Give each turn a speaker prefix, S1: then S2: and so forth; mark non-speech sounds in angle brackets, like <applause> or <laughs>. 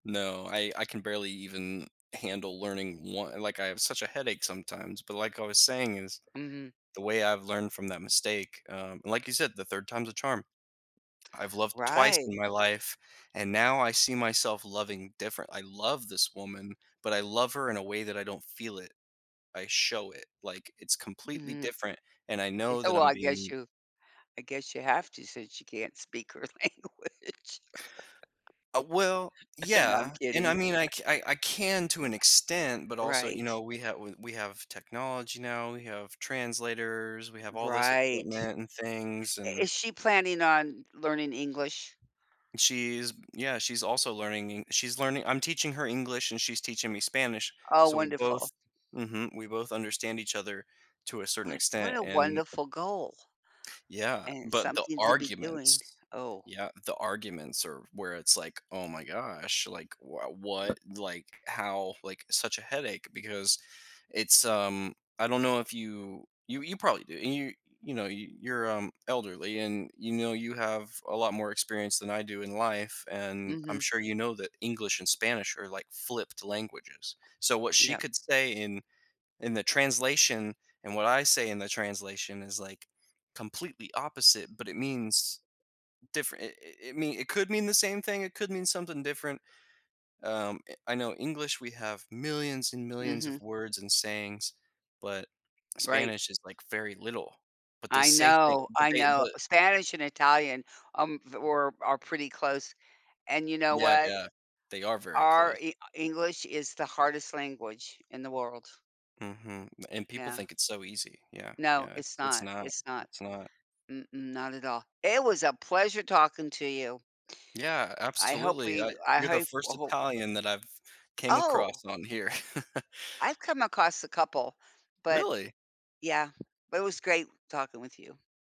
S1: No, I I can barely even handle learning one like, I have such a headache sometimes, but, like I was saying is
S2: Mhm.
S1: the way I've learned from that mistake, um, and like you said, the third time's a charm. I've loved twice
S2: Right.
S1: in my life, and now I see myself loving different I love this woman, but I love her in a way that I don't feel it. I show it, like, it's completely
S2: Mhm.
S1: different, and I
S2: Yeah,
S1: know that
S2: well,
S1: I'm
S2: I guess
S1: being
S2: you I guess you have to since you can't speak her language.
S1: Uh well,
S2: <laughs> And I'm
S1: yeah, and I
S2: kidding.
S1: mean, I
S2: <chuckles>
S1: c I I can to an extent, but also, you
S2: Right.
S1: know, we have we we have technology now, we have translators, we have all this
S2: Right.
S1: equipment and things
S2: I
S1: and
S2: is she planning on learning English?
S1: She's yeah, she's also learning En she's learning I'm teaching her English and she's teaching me Spanish,
S2: Oh,
S1: so we
S2: wonderful.
S1: both mhm, we both understand each other to a certain
S2: What what
S1: extent
S2: a
S1: and
S2: wonderful goal, a
S1: Yeah,
S2: and
S1: but the
S2: something to be doing
S1: arguments
S2: oh.
S1: yeah, the arguments are where it's like, "Oh my gosh, like wh what like, how" like, such a headache because it's, um I don't know if you you you probably do, and, you you know, you're, um, elderly and you know you have a lot more experience than I do in life, and I'm
S2: Mhm.
S1: sure you know that English and Spanish are, like, flipped languages, so what she
S2: Yep.
S1: could say in in the translation, and what I say in the translation is, like, completely opposite, but it means different it it mean it could mean the same thing, it could mean something different. Um, i I know English we have millions and millions of
S2: Mhm.
S1: words and sayings, but
S2: Right.
S1: Spanish is, like, very little. But they
S2: I
S1: say thing
S2: know,
S1: but
S2: I
S1: they,
S2: know,
S1: but
S2: Spanish and Italian, um, v were are pretty close, and you know
S1: Yeah,
S2: what?
S1: yeah, they are very
S2: Our
S1: close.
S2: E English is the hardest language in the world.
S1: Mhm, and people
S2: Yeah.
S1: think it's so easy yeah,
S2: No,
S1: yeah,
S2: it's
S1: it's it's
S2: not,
S1: not,
S2: it's not.
S1: it's not.
S2: Mm-mm, not at all, it was a pleasure talking to you.
S1: Yeah,
S2: I hope
S1: absolutely,
S2: we
S1: I
S2: I
S1: you're the
S2: hope I
S1: first
S2: hope
S1: Italian that I've came
S2: Oh!
S1: across on here. <chuckles>
S2: I've come across a couple, but
S1: Really?
S2: yeah, but it was great talking with you.